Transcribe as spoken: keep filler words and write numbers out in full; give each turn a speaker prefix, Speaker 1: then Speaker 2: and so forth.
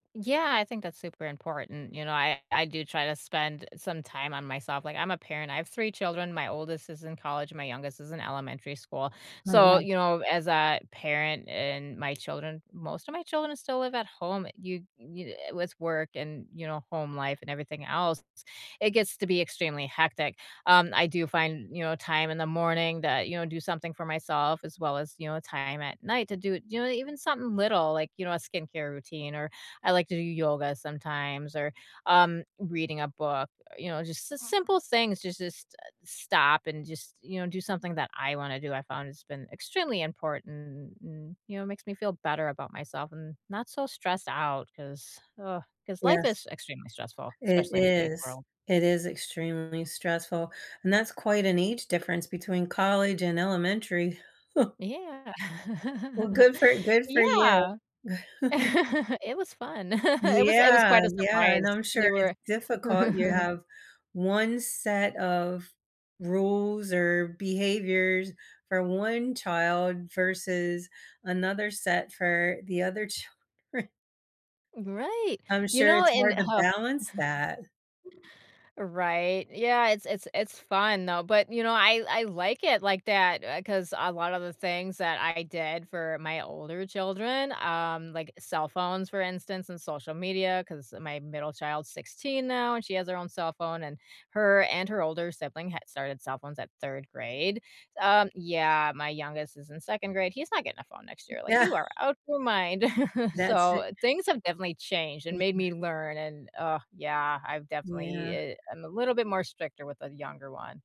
Speaker 1: Yeah, I think that's super important. You know, I I do try to spend some time on myself. Like, I'm a parent. I have three children, my oldest is in college, my youngest is in elementary school.
Speaker 2: Oh,
Speaker 1: So,
Speaker 2: yeah.
Speaker 1: you know, as a parent and my children Most of my children still live at home, uh, you d you d uh, with work and, you know, home life and everything else, it gets to be extremely hectic. Um, I do find, you know, time in the morning that, you know, do something for myself as well as, you know, time at night to do it you know, uh, even something little, like, you know, a skincare routine, or I like to do yoga sometimes or, um, reading a book, uh, you know, it's just the simple things to just, uh, stop and just, you know, do something that I wanna do, I found it's been extremely important, and you know, it makes me feel better about myself and not so stressed out, 'cause, ugh, 'cause life
Speaker 2: Yes.
Speaker 1: is extremely stressful,
Speaker 2: It
Speaker 1: especially in today's
Speaker 2: is.
Speaker 1: world.
Speaker 2: It is extremely stressful, and that's quite an age difference between college and elementary.
Speaker 1: Yeah.
Speaker 2: Well, good for good for you.
Speaker 1: Yeah. It was fun. It was it was
Speaker 2: Yeah,
Speaker 1: quite a
Speaker 2: yeah, and
Speaker 1: surprise.
Speaker 2: I'm
Speaker 1: They
Speaker 2: sure it's
Speaker 1: were
Speaker 2: difficult. You have one set of rules or behaviors for one child versus another set for the other children.
Speaker 1: Right.
Speaker 2: I'm
Speaker 1: You
Speaker 2: sure
Speaker 1: know,
Speaker 2: it's
Speaker 1: and,
Speaker 2: hard
Speaker 1: uh
Speaker 2: to
Speaker 1: huh
Speaker 2: balance that.
Speaker 1: Right. Yeah, it's it's it's fun, though, but, you know, I I like it like that, uh, a 'cause a lot of the things that I did for my older children, um, like, cell phones, for instance, and social media, 'cause my middle child's sixteen now, and she has her own cell phone, and her and her older sibling had started cell phones at third grade, um Yeah. My youngest is in second grade, he's not getting a phone next year, like,
Speaker 2: Yeah.
Speaker 1: you are out your mind.
Speaker 2: That's i
Speaker 1: So, things have definitely changed and made
Speaker 2: Yeah.
Speaker 1: me learn, and Ugh, yeah, I've definitely
Speaker 2: Yeah.
Speaker 1: i I'm a little bit more stricter with the younger one.